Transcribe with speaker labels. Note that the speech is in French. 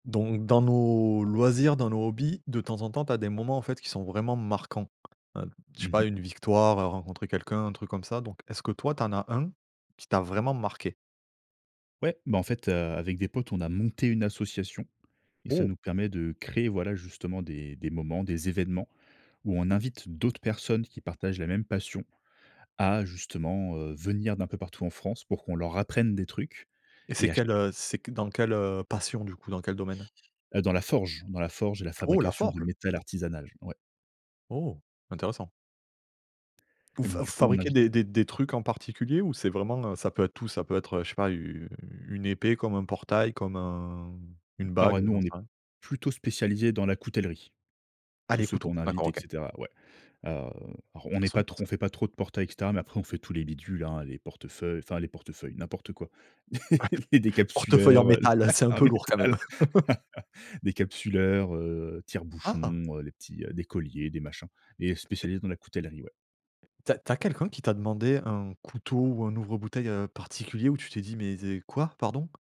Speaker 1: Donc dans nos loisirs, dans nos hobbies, de temps en temps tu as des moments, en fait, qui sont vraiment marquants. Heu, je
Speaker 2: Mmh
Speaker 1: sais pas
Speaker 2: mh.
Speaker 1: une victoire, heu, rencontrer quelqu'un, un truc comme ça. Donc est-ce que toi tu en as 1, qui t'a vraiment marqué?
Speaker 2: Ouais, bah, en fait, heu, avec des potes, on a monté une association et ça
Speaker 1: Oh!
Speaker 2: nous permet de créer, voilà, justement des des moments, des événements, où on invite d'autres personnes qui partagent la même passion, à justement, heu, venir d'un peu partout en France pour qu'on leur apprenne des trucs
Speaker 1: Et
Speaker 2: et
Speaker 1: c'est
Speaker 2: à ch
Speaker 1: quelle, heu c'est q dans quelle, heu, passion du coup, dans quel domaine?
Speaker 2: Heu, dans la forge. Dans la forge, la
Speaker 1: Oh, la
Speaker 2: fabrication de
Speaker 1: forge?
Speaker 2: métal artisanal. Ouais.
Speaker 1: Oh, intéressant. Vous
Speaker 2: Et
Speaker 1: f heu,
Speaker 2: donc coup, on
Speaker 1: fabriquez
Speaker 2: invite,
Speaker 1: des
Speaker 2: heu
Speaker 1: des des trucs en particulier ou c'est vraiment, heu, ça peut être tout, ça peut être, heu, je sais pas u une épée comme un portail, comme un une
Speaker 2: Alors,
Speaker 1: bague,
Speaker 2: heu,
Speaker 1: heu,
Speaker 2: nous
Speaker 1: j'en
Speaker 2: on
Speaker 1: sais
Speaker 2: est
Speaker 1: rien?
Speaker 2: plutôt spécialisés dans la coutellerie.
Speaker 1: Ah,
Speaker 2: Tous
Speaker 1: les
Speaker 2: ceux
Speaker 1: couteaux.
Speaker 2: qu'on invite
Speaker 1: D'accord,
Speaker 2: et
Speaker 1: OK.
Speaker 2: cetera, ouais. Heu, alors on
Speaker 1: Ah,
Speaker 2: n'est pas
Speaker 1: sympa
Speaker 2: trop
Speaker 1: ça.
Speaker 2: on fait pas trop de portails, et cetera, mais après on fait tous les bidules, hein, les portefeuilles enfin, les portefeuilles, n'importe quoi. Les
Speaker 1: Portefeuille en
Speaker 2: décapsuleurs, heu,
Speaker 1: métal, c'est un
Speaker 2: en
Speaker 1: peu lourd quand même.
Speaker 2: métal. Décapsuleurs, heu,
Speaker 1: Ah!
Speaker 2: tire-bouchons, heu, les petits, heu des colliers, des machins. Mais
Speaker 1: Et
Speaker 2: spécialistes dans la coutellerie, ouais.
Speaker 1: Tu as tu as quelqu'un qui t'a demandé un couteau ou un ouvre bouteille, heu, particulier où tu t'es dit: «Mais zé quoi, pardon»?